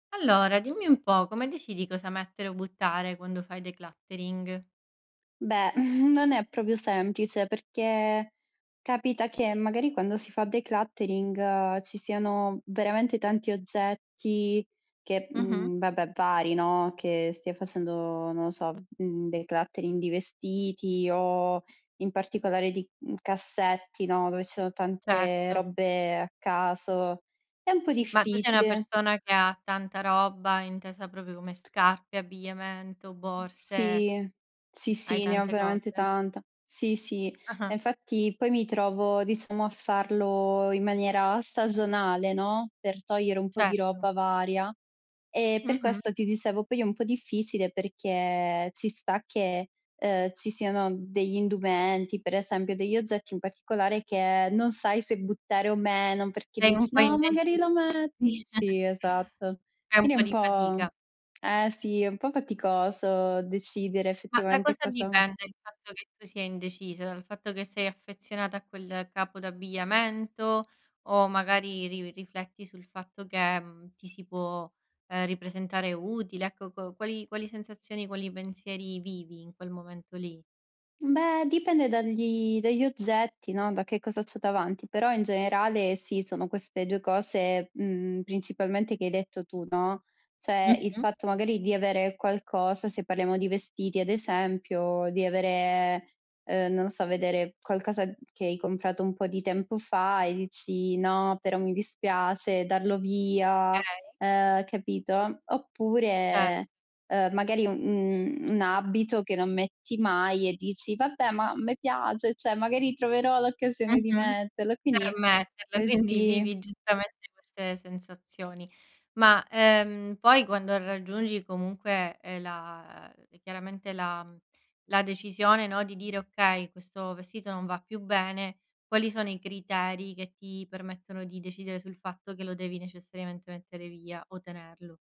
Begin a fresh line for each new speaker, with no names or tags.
Allora, dimmi un po', come decidi cosa mettere o buttare quando fai decluttering?
Beh, non è proprio semplice, perché capita che magari, quando si fa decluttering ci siano veramente tanti oggetti che
Mh-mh.
uhm, vabbè, pari, no, che stia facendo, non lo so, uhm, decluttering di vestiti o in particolare di, uhm, cassetti, no, dove ci sono tante
Certo.
robe a caso. È un po'
Ma tu sei una
difficile.
persona che ha tanta roba, intesa proprio come scarpe, abbigliamento, borse?
Sì. Sì,
Hai
sì, ne ho
tante
veramente
cose?
tanta. Sì, sì,
Ah-ah.
e infatti poi mi trovo, diciamo, a farlo in maniera stagionale, no, per togliere un po' di
Certo.
roba varia. Ehm, per
Mh-mh.
questo, ti dicevo poi è un po' difficile perché ci sta che, ehm, ci siano degli indumenti, per esempio degli oggetti in particolare, che non sai se buttare o meno, perché
Sei un
dici:
po'
"No, magari
indecisa?
lo me"
Sì.
Sì, esatto.
È un
Quindi è un
po'di
po'
fatica.
eh sì, è un po' faticoso decidere
Ma da
effettivamente
cosa
cosa
dipende il fatto che tu sia indecisa? Dal fatto che sei affezionata a quel capo d'abbigliamento, o magari ri rifletti sul fatto che, mhmm, ti si può, ehm, ripresentare utile? Ecco, co qual quali sensazioni, quali pensieri vivi in quel momento lì?
Beh, dipende dagli dagli oggetti, no, da che cosa c'ho davanti, però in generale sì, sono queste 2 cose, mhmm, principalmente che hai detto tu, no; cioè, il
Mh-mh.
fatto magari di avere qualcosa, se parliamo di vestiti ad esempio, di avere, ehm, non lo so, vedere qualcosa che hai comprato un po' di tempo fa e dici: "No, però mi dispiace darlo via",
Okay.
ehm, capito?
Cer
Oppure, ehm, magari un uhm, un abito che non metti mai e dici: "Vabbè, ma me piace, cioè magari troverò l'occasione di
Mh-mh.
metterlo",
Per
quindi
metterla,
eh,
quindi
sì.
vivi giustamente queste sensazioni. Ma, ehm, poi quando raggiungi comunque, ehm, la, ehm e chiaramente la mhmm, la decisione, no, di dire: "Okay, questo vestito non va più bene", quali sono i criteri che ti permettono di decidere sul fatto che lo devi necessariamente mettere via o tenerlo?